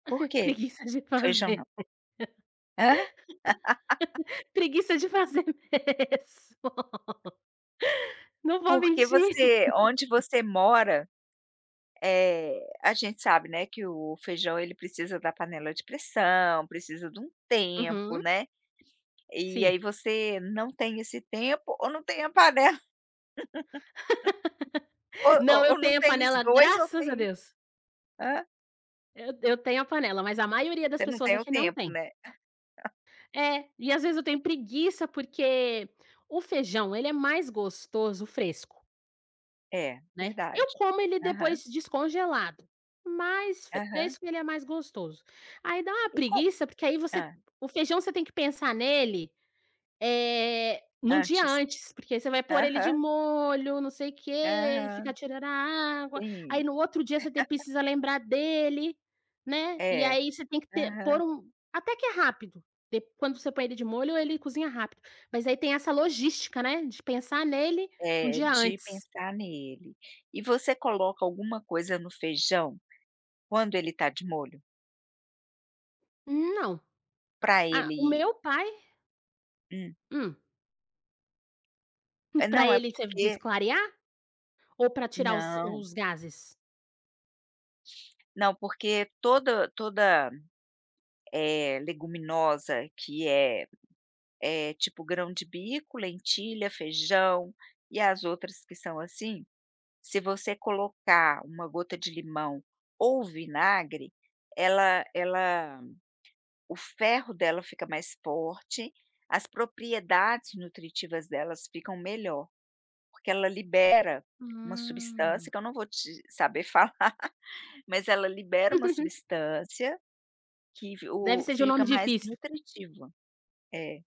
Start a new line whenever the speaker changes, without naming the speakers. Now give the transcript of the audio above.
Por que
Preguiça de
o feijão não?
fazer.
Hã?
Preguiça de fazer mesmo, não vou
Porque
mentir.
você onde você mora eh, a gente sabe, né, que o feijão ele precisa da panela de pressão, precisa de um tempo,
Uhum.
né. E
Sim.
aí, você não tem esse tempo ou não tem a panela o
Não,
o
eu
ou não
tenho a
tem os
panela,
2 ou
graças a
tem
Deus.
hã?
Eu eu tenho a panela, mas a maioria das
Você não
pessoas
tem o
aqui não
tempo,
tem.
né?
É, e às vezes eu tenho preguiça, porque o feijão ele é mais gostoso fresco.
É,
Né?
verdade.
Eu como ele
Aham.
depois descongelado, mas
Aham.
fresco ele é mais gostoso. Aí dá uma
E com
preguiça, porque aí você
hã.
o feijão você tem que pensar nele, eh, num dia
Antes.
antes, porque você vai pôr ele de
Aham.
molho, não sei o quê, ele
Ah.
fica tirando a água, aí
Sim.
no outro dia você te precisa lembrar dele, né. E
É.
aí você tem que ter pôr
Aham.
um até que é rápido de quando você põe ele de molho, ele cozinha rápido. Mas aí tem essa logística, né, de pensar nele 1
É,
dia
de
antes.
pensar nele. E você coloca alguma coisa no feijão quando ele tá de molho?
Não.
Pra
Ah, o
ele
meu pai
Hum.
Hum.
É,
Pra
não, é
ele, você diz
porque
clarear? Ou para tirar os
Não.
os gases?
Não, porque todo toda, eh, leguminosa que é é tipo grão de bico, lentilha, feijão e as outras que são assim, se você colocar uma gota de limão ou vinagre, ela ela o ferro dela fica mais forte, as propriedades nutritivas delas ficam melhor, porque ela libera uma substância
Hum.
que eu não vou te saber falar, mas ela libera uma substância, que v
Deve
o
ser de um
fica
nome
mais
difícil.
nutritiva. É.